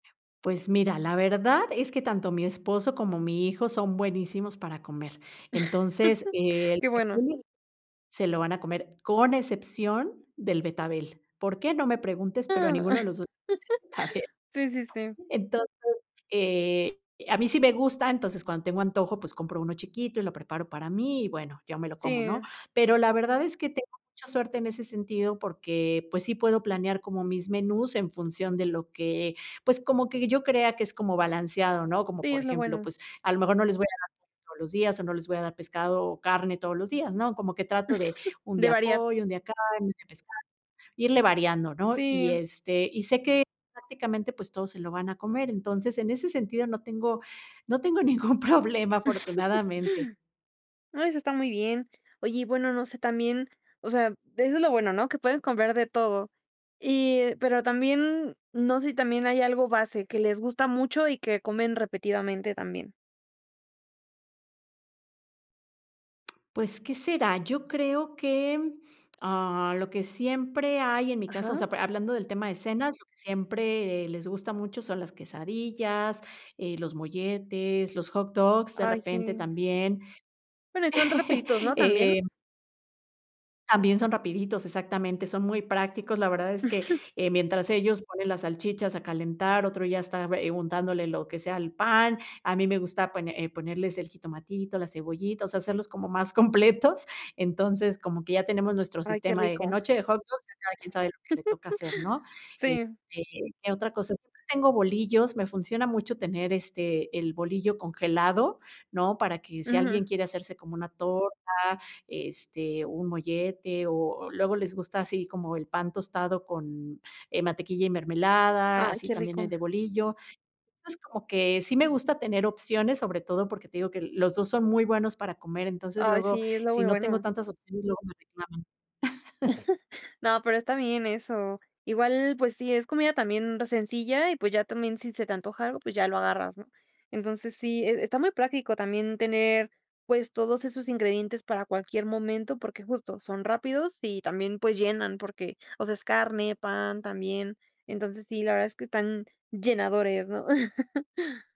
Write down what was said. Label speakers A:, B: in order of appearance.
A: Pues, mira, la verdad es que tanto mi esposo como mi hijo, son buenísimos para comer, entonces, eh,
B: Qué
A: lo que
B: bueno.
A: [unintelligible] se lo van a comer, con excepción del betabel, ¿por qué?, no me preguntes, pero a ninguno de los 2. [unintelligible]
B: Sí, sí, sí.
A: Entonces, eh, a mí sí me gusta, entonces, cuando tengo antojo, pues, compro 1 chiquito y lo preparo para mí y, bueno, yo me lo como, ¿no?
B: Sí.
A: Pero la verdad es que tengo mucha suerte en ese sentido, porque, pues, sí, puedo planear como mis menús en función de lo que, pues, como que yo crea que es como balanceado, ¿no? Como,
B: Sí,
A: por
B: es lo
A: ejemplo,
B: bueno.
A: pues, a lo mejor, no les voy a dar [unintelligible] todos los días o no les voy a dar pescado o carne todos los días, ¿no? Como que trato de, un
B: De
A: día
B: variar.
A: pollo, un día carne, un día pescado, irle variando, ¿no? Y,
B: Sí.
A: este, y sé que, prácticamente, pues, todos se lo van a comer. Entonces, en ese sentido, no tengo no tengo ningún problema, afortunadamente.
B: No, eso está muy bien. Oye, y bueno, no sé, también, o sea, eso es lo bueno, ¿no?, que pueden comprar de todo. Y, pero también, no sé si también hay algo base que les gusta mucho, y que comen repetidamente también.
A: Pues, ¿qué será? Yo creo que, ah, lo que siempre hay en mi casa, o
B: Ajá.
A: sea, pra hablando del tema de cenas, lo que siempre les gusta mucho, son las quesadillas, eh, los molletes, los hot dogs, de
B: Ay,
A: repente
B: sí.
A: también,
B: Bueno, y son rapiditos, ¿no? ¿También?
A: eh también son rapiditos, exactamente, son muy prácticos. La verdad es que, eh, mientras ellos ponen las salchichas a calentar, otro ya está bue untándole lo que sea al pan, a mí me gusta pone eh, ponerles el jitomatito, la cebollita, o sea, hacerlos como más completos. Entonces, como que ya tenemos nuestro
B: Ay, qué
A: sistema de
B: rico.
A: noche de hot dogs, ya cada quien sabe lo que le toca hacer, ¿no?
B: Sí.
A: Este, ¿qué otra cosa? Siempre tengo bolillos, me funciona mucho tener, este, el bolillo congelado, ¿no?, para que si
B: Ujú.
A: alguien quiere hacerse como una torta, este, un mollete o luego les gusta así como el pan tostado con, eh, mantequilla y mermelada,
B: Ay,
A: así
B: qué
A: también el
B: rico.
A: de bolillo. Entonces, como que sí me gusta tener opciones, sobre todo porque, te digo, que los 2 son muy buenos para comer, entonces
B: Ay,
A: luego,
B: sí, es lo
A: si
B: muy
A: no tengo
B: bueno.
A: tantas opciones luego me reclaman.
B: No, pero está bien eso. Igual, pues, sí, es comida también sencilla y, pues, ya también si se te antoja algo, pues, ya lo agarras, ¿no? Entonces sí, e está muy práctico también tener, pues, todos esos ingredientes para cualquier momento, porque, justo, son rápidos y también, pues, llenan porque, o sea, es carne, pan también. Entonces, sí, la verdad es que están llenadores, ¿no?